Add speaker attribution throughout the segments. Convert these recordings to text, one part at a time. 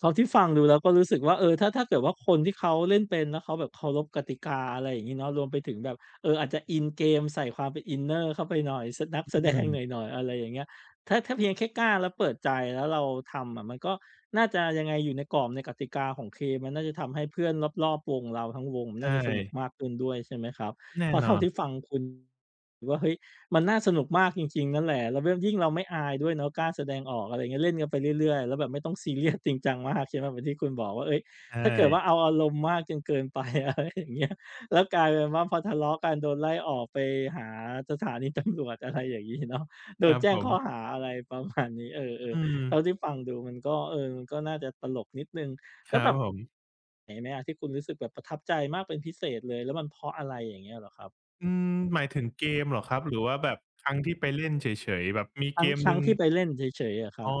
Speaker 1: พอที่ฟังดู แล้วก็รู้สึกว่า เออ ถ้า ถ้าเกิดว่าคนที่เขาเล่นเป็น แล้วเขาแบบเคารพกติกา อะไรอย่างงี้เนาะ รวมไปถึงแบบ เอ่อ อาจจะอินเกมใส่ความเป็นอินเนอร์เข้าไปหน่อย ส นัก
Speaker 2: อ
Speaker 1: แส
Speaker 2: ื
Speaker 1: ดง ห
Speaker 2: ม
Speaker 1: น่อย ๆ อะไรอย่างเงี้ย ถ้า ถ้าเพียงแค่กล้า แล้วเปิดใจ แล้วเราทำอะมันก็น่าจะ ยังไงอยู่ในกรอบในกติกาของเกม มันน่าจะทำให้เพื่อนรอบ ๆ วงเราทั้งวง
Speaker 2: ใช
Speaker 1: น่าจะสนุก
Speaker 2: ่
Speaker 1: มากขึ้นด้วย ใช่ไหมครับ?
Speaker 2: แน
Speaker 1: เ
Speaker 2: ่
Speaker 1: พราะเ
Speaker 2: น
Speaker 1: ท่า
Speaker 2: อน
Speaker 1: ที่ฟังคุณ หรือว่า เฮ้ย มันน่าสนุกมากจริง ๆ นั่นแหละ แล้วเบื้อน ยิ่งเราไม่อายด้วยเนาะ กล้าแสดงออก อะไรอย่างเงี้ย เล่นกันไปเรื่อย ๆ แล้วแบบไม่ต้อง ซีเรียส จริงจัง มาก ใช่ไหม? เหมือนที่คุณบอกว่า เอ๊ย
Speaker 2: ใช
Speaker 1: ถ้าเกิดว่า
Speaker 2: ่
Speaker 1: เอาอารมณ์มากจนเกิน ไป อะไรอย่างเงี้ย แล้วกลายเป็นว่าพอทะเลาะกัน โดนไล่ออกไปหาสถานี ตำรวจ อะไรอย่างงี้ เนาะ โด
Speaker 2: คร
Speaker 1: น
Speaker 2: ับ
Speaker 1: แจ้
Speaker 2: ผ
Speaker 1: งข้อ
Speaker 2: ม
Speaker 1: หา อะไร ประมาณ นี้ เอ
Speaker 2: อ
Speaker 1: อ
Speaker 2: ื
Speaker 1: ๆ เ
Speaker 2: ม
Speaker 1: ท่าที่ฟังดูมันก็ เอ่อ มันก็น่าจะตลกนิดหนึ่ง
Speaker 2: ค
Speaker 1: แล้
Speaker 2: รั
Speaker 1: วแบ
Speaker 2: บ
Speaker 1: บ
Speaker 2: ผม
Speaker 1: เห็นไหมอะ? ที่คุณรู้สึกแบบประทับใจมากเป็นพิเศษเลย แล้วมันเพราะอะไรอย่างเงี้ยเหรอครับ?
Speaker 2: อืม หมาย ถึงเกมเหรอครับ? หรือว่าแบบครั้งที่ไปเล่นเฉย ๆ แบบมี
Speaker 1: ท
Speaker 2: เกมห
Speaker 1: ั
Speaker 2: น
Speaker 1: ้
Speaker 2: ึ
Speaker 1: ง
Speaker 2: ่ง
Speaker 1: ๆ ที่ไปเล่นเฉย ๆ เหรอครั
Speaker 2: อ
Speaker 1: บ?
Speaker 2: ๋อ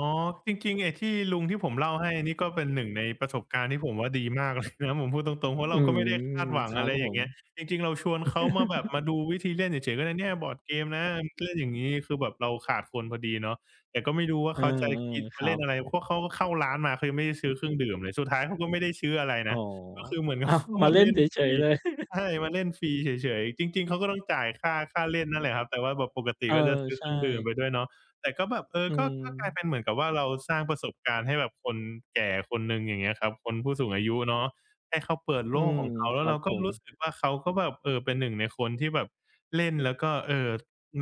Speaker 2: จริง ๆ ไอ้ที่ลุงที่ผมเล่าให้ นี่ก็เป็นหนึ่งในประสบการณ์ ที่ผมว่าดีมากเลย นะ ผมพูดตรง ๆ เพราะ
Speaker 1: อ
Speaker 2: เ
Speaker 1: ื
Speaker 2: ราก็
Speaker 1: ม
Speaker 2: ไม่ได้คาดหวั
Speaker 1: ค
Speaker 2: ง
Speaker 1: รั
Speaker 2: อะ
Speaker 1: บ
Speaker 2: ไร
Speaker 1: ผ
Speaker 2: อย่าง
Speaker 1: ม
Speaker 2: เงี้ย จริง ๆ เราชวนเขามาแบบ มาดูวิธีเล่นเฉย ๆ "ก็เนี่ยบอร์ดเกมนะ เล่นอย่างงี้" คือแบบเราขาดคนพอดีเนาะ แต่ก็ไม่รู้ว่า
Speaker 1: เอ
Speaker 2: เ
Speaker 1: อ
Speaker 2: ขาจะกิน
Speaker 1: ๆ
Speaker 2: จ
Speaker 1: ค
Speaker 2: ะ
Speaker 1: รั
Speaker 2: เล่น
Speaker 1: บ
Speaker 2: อะไร เพราะเขาก็เข้าร้านมา เขายังไม่ได้ซื้อเครื่องดื่มเลย สุดท้ายเขาก็ไม่ได้ซื้ออะไร
Speaker 1: อ๋
Speaker 2: น
Speaker 1: อ
Speaker 2: ะ ก็คือเหมือน
Speaker 1: อ้าว
Speaker 2: เข้า
Speaker 1: ม
Speaker 2: ม
Speaker 1: า
Speaker 2: า
Speaker 1: เล่
Speaker 2: เล
Speaker 1: น
Speaker 2: ่
Speaker 1: เ
Speaker 2: นฟ
Speaker 1: ฉ
Speaker 2: รี
Speaker 1: ย ๆ เลย
Speaker 2: ใช่ มาเล่นฟรีเฉย ๆ จริง ๆ เขาก็ต้องจ่ายค่า ค่าเล่นนั่นแหละครับ แต่ว่าแบบปกติ
Speaker 1: เออ
Speaker 2: ก็จะซื้อ
Speaker 1: ใช
Speaker 2: เคร
Speaker 1: ่
Speaker 2: ื่องดื่มไปด้วยเนาะ แต่ก็แบบ เออ
Speaker 1: อื
Speaker 2: ก็ ก็กลาย
Speaker 1: ม
Speaker 2: เป็นเหมือนกับว่าเราสร้างประสบการณ์ให้แบบคนแก่คนหนึ่ง อย่างเงี้ยครับ คน ผู้สูงอายุเนาะ ให้เขาเปิด
Speaker 1: อ
Speaker 2: โ
Speaker 1: ื
Speaker 2: ลก
Speaker 1: ม
Speaker 2: ของเขา แ
Speaker 1: ค
Speaker 2: ล้
Speaker 1: ร
Speaker 2: ว
Speaker 1: ั
Speaker 2: เร
Speaker 1: บ
Speaker 2: า
Speaker 1: ผ
Speaker 2: ก็ร
Speaker 1: ม
Speaker 2: ู้สึกว่า เขาก็แบบ เอ่อ เป็นหนึ่งในคนที่แบบเล่น แล้วก็ เอ่อ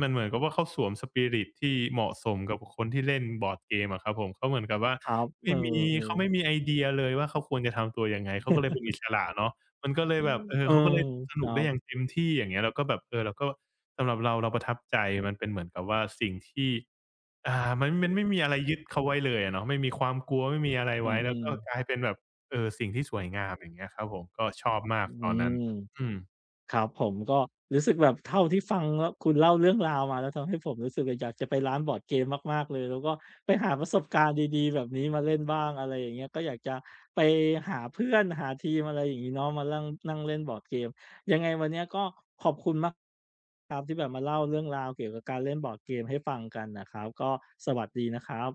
Speaker 2: มันเหมือนกับว่าเขาสวม Spirit ที่เหมาะสมกับคนที่เล่นบอร์ดเกมอะครับผม เขาเหมือนกับว่า
Speaker 1: ครับ
Speaker 2: ไม
Speaker 1: เอ
Speaker 2: ่
Speaker 1: อ
Speaker 2: มี เขาไ
Speaker 1: ๆ
Speaker 2: ม่มีไอเดียเลยว่าเขาควรจะทำตัวยังไง เขาก็เลยเป็นอิสระเนาะ มันก็เลยแบบ เอ่
Speaker 1: เ
Speaker 2: อ
Speaker 1: ออ
Speaker 2: เขาก็เลยส
Speaker 1: ค
Speaker 2: น
Speaker 1: ร
Speaker 2: ุ
Speaker 1: ั
Speaker 2: กได้อ
Speaker 1: บ
Speaker 2: ย่างเต็มที่ อย่างเงี้ย แล้วก็แบบ เอ่อ เราก็ สำหรับเราเราประทับใจ มันเป็นเหมือนกับว่าสิ่งที่ อ่า มัน มันไม่มีอะไรยึดเขาไว้เลยอะเนาะ ไม่มีความกลัว ไม่มีอะไร
Speaker 1: อื
Speaker 2: ไว้ แล้ว
Speaker 1: อ
Speaker 2: ก็
Speaker 1: ๆ
Speaker 2: กลายเป็นแบบ เออ สิ่งที่สวยงาม อย่างเงี้ยครับผม ก็ชอบมา
Speaker 1: อ
Speaker 2: ก
Speaker 1: ื
Speaker 2: ตอนนั้น
Speaker 1: ม
Speaker 2: อืม
Speaker 1: ครับผม ก็รู้สึกแบบเท่าที่ฟังแล้ว คุณเล่าเรื่องราวมา แล้วทำให้ผมรู้สึกอยากจะไปร้านบอร์ดเกมมาก ๆ เลย แล้วก็ไปหาประสบการณ์ดี ๆ แบบนี้มาเล่นบ้าง อะไรอย่างเงี้ย ก็อยากจะไปหาเพื่อน หาทีม อะไรอย่างงี้เนาะ มาลั่ง นั่งเล่นบอร์ดเกม ยังไงวันเนี้ย ก็ขอบคุณมาก ครับ ที่แบบมาเล่าเรื่องราวเกี่ยวกับการเล่นบอร์ดเกมให้ฟังกันนะครับ ก็สวัสดีนะครับ